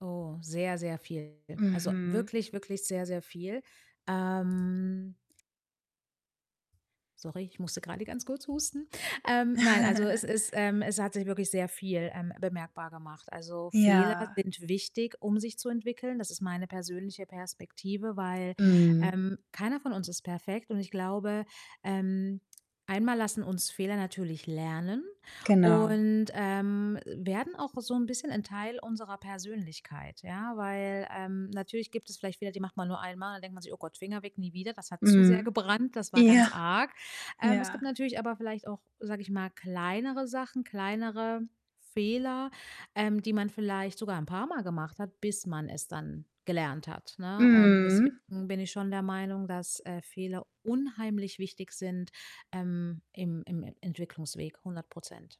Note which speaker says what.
Speaker 1: Oh, sehr, sehr viel. Also,
Speaker 2: Mhm.
Speaker 1: wirklich, wirklich sehr, sehr viel, ähm Sorry, ich musste gerade ganz kurz husten. Ähm, nein, also, es ist, ähm es hat sich wirklich sehr viel, ähm, bemerkbar gemacht. Also, Fehler
Speaker 2: Ja.
Speaker 1: sind wichtig, um sich zu entwickeln. Das ist meine persönliche Perspektive, weil,
Speaker 2: Mhm.
Speaker 1: ähm, keiner von uns ist perfekt und ich glaube, ähm, einmal lassen uns Fehler natürlich lernen
Speaker 2: Genau.
Speaker 1: und, ähm, werden auch so 'n bisschen 'n Teil unserer Persönlichkeit, ja, weil, ähm, natürlich gibt es vielleicht Fehler die macht man nur einmal, denkt man sich: „Oh Gott, Finger weg, nie wieder, das hat zu sehr
Speaker 2: Mhm.
Speaker 1: gebrannt. Das war ganz
Speaker 2: Ja.
Speaker 1: arg.“ Ähm, es gibt
Speaker 2: Ja.
Speaker 1: natürlich aber vielleicht auch, sage ich mal, kleinere Sachen, kleinere Fehler, ähm, die man vielleicht sogar 'n paarmal gemacht hat, bis man es dann gelernt hat, ne? Und deswegen
Speaker 2: Mhm.
Speaker 1: bin ich schon der Meinung, dass, äh, Fehler unheimlich wichtig sind, ähm, im im E Entwicklungsweg, 100 %.